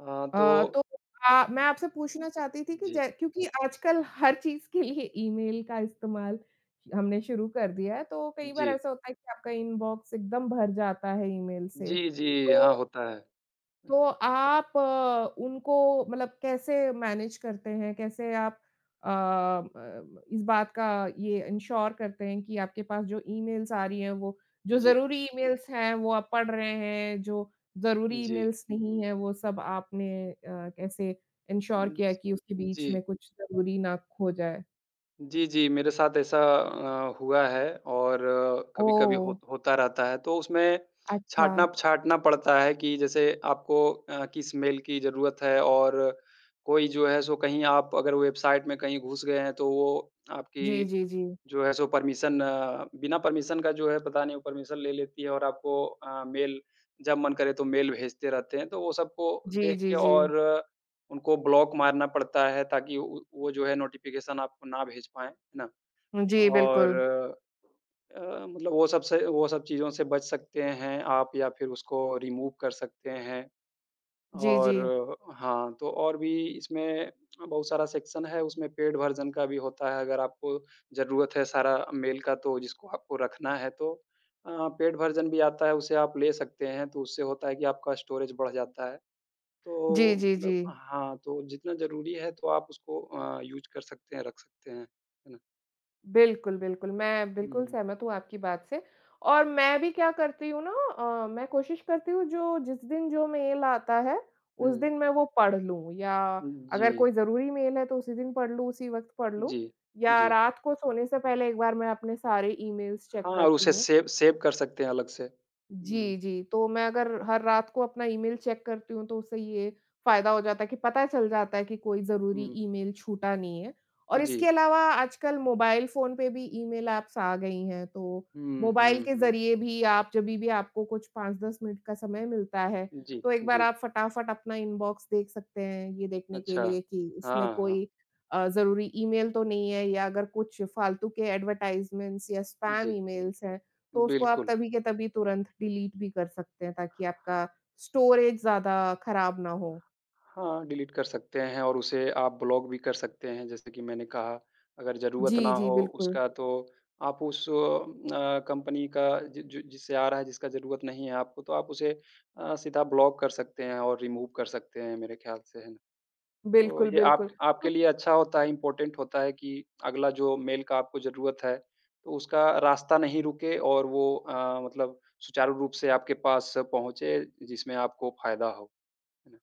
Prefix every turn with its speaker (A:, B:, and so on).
A: हाँ,
B: अ,
A: तो
B: तो
A: हुँ।
B: मैं मैं आपसे पूछना चाहती थी कि
A: जी।
B: जै क्योंकि आजकल हर चीज़ के लिए ईमेल का इस्तेमाल हमने शुरू कर दिया है। तो कई बार
A: जी।
B: ऐसा होता है कि आपका इनबॉक्स एकदम भर जाता है ईमेल से
A: जी, जी। हाँ,
B: तो
A: होता है।
B: तो आप अ, उनको मतलब कैसे मैनेज करते हैं? कैसे आप अ, ब ब इस बात का ये इंश्योर करते हैं कि आपके पास जो ईमेल्स आ रही है वो जो
A: जी।
B: ज़रूरी ईमेल्स हैं वो आप पढ़ रहे हैं, जो ज़रूरी
A: जी।
B: ईमेल्स नहीं है वो सब आपने अ, कैसे इंश्योर किया है कि उसके बीच
A: जी।
B: में कुछ ज़रूरी ना खो जाए।
A: जी, जी। मेरे साथ ऐसा अ, हुआ है और कभी-कभी
B: ओह!
A: होत होता रहता है, तो उसमें
B: अच्छा।
A: छाँटना छाँटना पड़ता है कि जैसे आपको अ, किस मेल की ज़रूरत है और कोई जो है सो कहीं आप अगर वेबसाइट में कहीं घुस गए हैं, तो वो
B: जी,
A: आपकी
B: जी, जी।
A: जो है सो परमिशन बिना परमिशन का जो है पता नहीं वो परमिशन ले लेती है और आपको अ, मेल जब मन करे तो मेल भेजते रहते हैं। तो वो सबको
B: जी,
A: देख के
B: जी, जी।
A: और उनको ब्लॉक मारना पड़ता है ताकि उ उ वो जो है नोटिफ़िकेशन आपको ना भेज पाएँ, है ना?
B: जी,
A: और
B: बिल्कुल।
A: अ अ, मतलब वो सब से वो सब चीज़ों से बच सकते हैं आप या फिर उसको रिमूव कर सकते हैं
B: जी,
A: और
B: जी।
A: हाँ, तो और भी इसमें बहुत सारा सेक्शन है, उसमें पेड वर्जन का भी होता है, अगर आपको ज़रूरत है सारा मेल का तो जिसको आपको रखना है तो अ, पेड वर्ज़न भी आता है, उसे आप ले सकते हैं। तो उससे होता है कि आपका स्टोरेज बढ़ जाता है।
B: जी,
A: तो
B: जी,
A: मतलब
B: जी।
A: हाँ, तो जितना ज़रूरी है तो आप उसको अ, यूज़ कर सकते हैं, रख सकते हैं, है ना?
B: बिल्कुल, बिल्कुल। मैं बिल्कुल
A: हुँ।
B: सहमत हूँ आपकी बात से और मैं भी क्या करती हूँ ना अ, मैं कोशिश करती हूँ जो जिस दिन जो मेल आता है, उस
A: हुँ।
B: दिन मैं वो पढ़ लूँ, या
A: उम,
B: अगर
A: जी।
B: कोई ज़रूरी मेल है तो उसी दिन पढ़ लूँ, उसी वक़्त पढ़ लूँ,
A: जी।
B: या
A: जी।
B: रात को सोने से पहले एक बार मैं अपने सारे ईमेल्स चेक
A: हाँ, और
B: करती
A: उसे
B: हूँ।
A: सेव सेव कर सकते हैं अलग से। हुँ।
B: जी, जी। तो मैं अगर हर रात को अपना ईमेल चेक करती हूँ तो उससे ये फ़ायदा हो जाता है कि पता चल जाता है कि कोई ज़रूरी
A: हुँ।
B: ईमेल छूटा नहीं है। और इसके
A: जी।
B: अलावा आजकल मोबाइल फ़ोन पे भी ईमेल एप्स आ गई हैं तो
A: हुँ,
B: मोबाइल
A: हुँ,
B: के
A: हुँ।
B: ज़रिए भी आप जभी भी आपको कुछ 5-10 मिनट का समय मिलता है।
A: जी,
B: तो एक बार
A: जी।
B: आप फटाफट अपना इनबॉक्स देख सकते हैं ये देखने के
A: अच्छा।
B: लिए कि
A: हाँ,
B: उसमें
A: हाँ।
B: कोई अ, ज़रूरी ईमेल तो नहीं है या अगर कुछ फ़ालतू के एडवर्टाइज़मेंट या स्पैम
A: जी।
B: ईमेल्स हैं। तो उसको आप
A: बिल्कुल।
B: तभी के तभी तुरंत डिलीट भी कर सकते हैं ताकि आपका स्टोरेज ज़्यादा खराब ना हो।
A: हाँ, डिलीट कर सकते हैं, और उसे आप ब्लॉक भी कर सकते हैं। जैसे कि मैंने कहा अगर ज़रूरत
B: जी,
A: ना
B: जी।
A: हो
B: बिल्कुल।
A: उसका तो आप उस अ, कंपनी का ज ज जिससे आ रहा है, जिसका ज़रूरत नहीं है आपको तो आप उसे अ, सीधा ब्लॉक कर सकते हैं और रिमूव कर सकते हैं मेरे ख्याल से हैं। तो
B: बिल्कुल,
A: ये आप
B: बिल्कुल।
A: आपके लिए अच्छा होता है, इम्पोर्टेंट होता है कि अगला जो मेल का आपको ज़रूरत है तो उसका रास्ता नहीं रुके और वो अ, मतलब सुचारू रूप से आपके पास पहुँचे, जिसमें आपको फ़ायदा हो, है ना?